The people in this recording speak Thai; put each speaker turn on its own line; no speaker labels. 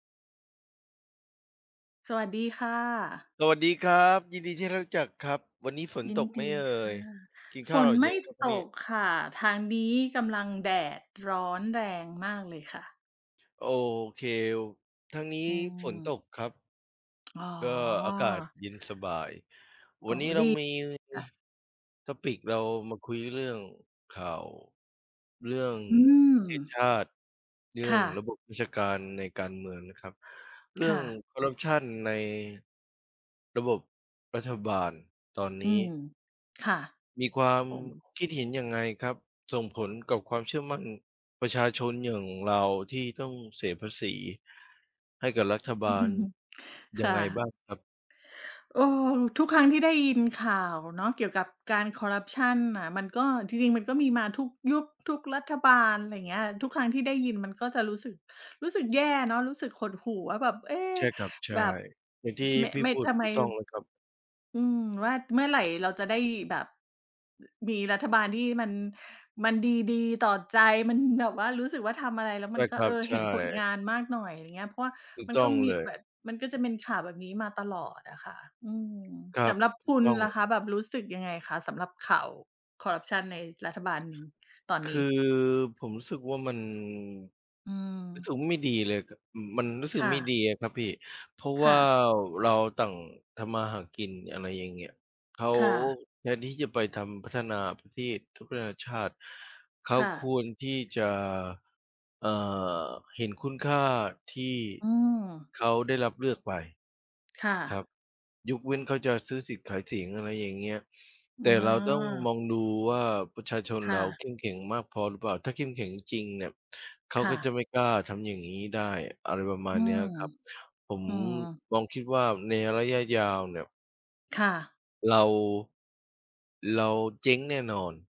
สวัสดีค่ะ
สวัสดีครับ ยินดีที่ได้รู้จักครับ วันนี้ฝน
ยิ
ต
น
กไหม
ดี
เอ่
ค่
ย?
ะ
กินข
ฝ
้าวห
น
รื
ไ
อ
ม
ยั
่
งครับวัน
ต
นี้?
กค่ะ ทางนี้กำลังแดดร้อนแรงมากเลยค่ะ
โอเค ทางนี
อ
้
ื
ฝนต
ม
กครับ
อ๋
ก็อากาศ
อ
เย็นสบาย วั
อ๋อ
นนี้เร
ด
า
ี
มี
ค่ะ
Topic เรามาคุยเรื่องข่าว เรื่อง
อื
ประเทศ
ม
ชาติ เรื่
ค
อง
่
ร
ะ
ะบบราชการในการเมืองนะครับ เรื่
ค
อ
่
ง
ะ
คอร์รัปชันในระบบรัฐบาลตอน
อ
น
ื
ี้
ม ค่ะ
มีความ
โอ้
คิดเห็นยังไงครับ? ส่งผลกับความเชื่อมั่นประชาชนอย่างเราที่ต้องเสียภาษีให้กับรัฐบาลย
ค
ั
่
งไงบ
ะ
้างครับ?
เออ ทุกครั้งที่ได้ยินข่าวเนาะ เกี่ยวกับการคอร์รัปชันน่ะ มันก็ จริง ๆ มันก็มีมาทุกยุค ทุกรัฐบาล ไรเงี้ย ทุกครั้งที่ได้ยินมันก็จะรู้สึก รู้สึกแย่เนาะ รู้สึกหดหู่ว่าแบบ เอ๊
ใช่ครับ ใช่
แบบ
อย่างที่
ม
พี่
ไม่
พูด
ทำ
ถ
ไม
ูกต้องแล้วครับ
อืม ว่าเมื่อไหร่เราจะได้แบบมีรัฐบาลที่มัน มันดี ๆ ต่อใจ มันแบบว่ารู้สึกว่าทำอะไรแล้ว
ใช
มั
่
นก
ค
็
รั
เอ
บ
อ
ใช
เห
่
็นผลงานมากหน่อย อย่างเงี้ย เพราะว่า
ถูก
มัน
ต
ก
้
็
อง
มี
เล
แบ
ย
บ มันก็จะเป็นข่าวแบบนี้มาตลอดอะค่ะ อืม
ครั
ส
บ
ำหรับ
ถ
ค
ูก
ุณ
ต้อ
ล่ะ
ง
คะ แบบรู้สึกยังไงคะ? สำหรับข่าวคอร์รัปชันในรัฐบาล ในตอน
ค
น
ื
ี
อ
้?
ผมรู้สึกว่ามัน
อื
รู้สึ
ม
กว่าไม่ดีเลย ก อืม มันรู้สึก
ค่
ไม่ด
ะ
ีอะครับพี่ เพราะ
ค
ว
่
่า
ะ
เราต่างทำมาหากิน อะไรอย่างเงี้ย เขา
ค่ะ
แทนที่จะไปทำ พัฒนาประเทศ พัฒนาชาติ เขา
ค่
ค
ะ
วรที่จะ อ่า เห็นคุณค่าที่
อืม
เขาได้รับเลือกไป
ค่
ครั
ะ
บ ยกเว้นเขาจะซื้อสิทธิ์ขายเสียง อะไรอย่างเงี้ย แ
อ
ต่เราต้องม
า
องดูว่าประชาชน
ค
เร
่
าเ
ะ
ข้มแข็งมากพอหรือเปล่า ถ้าเข้มแข็งจริง ๆ เนี่ย เขา
ค่
ก็จะ
ะ
ไม่กล้าทำอย่างงี้ได้ อะไรประมา
อื
ณเนี้
ม
ยครับ ผม
อืม
ลองคิดว่าในระยะยาวเนี่ย
ค่ะ
เรา เราเจ๊งแน่นอน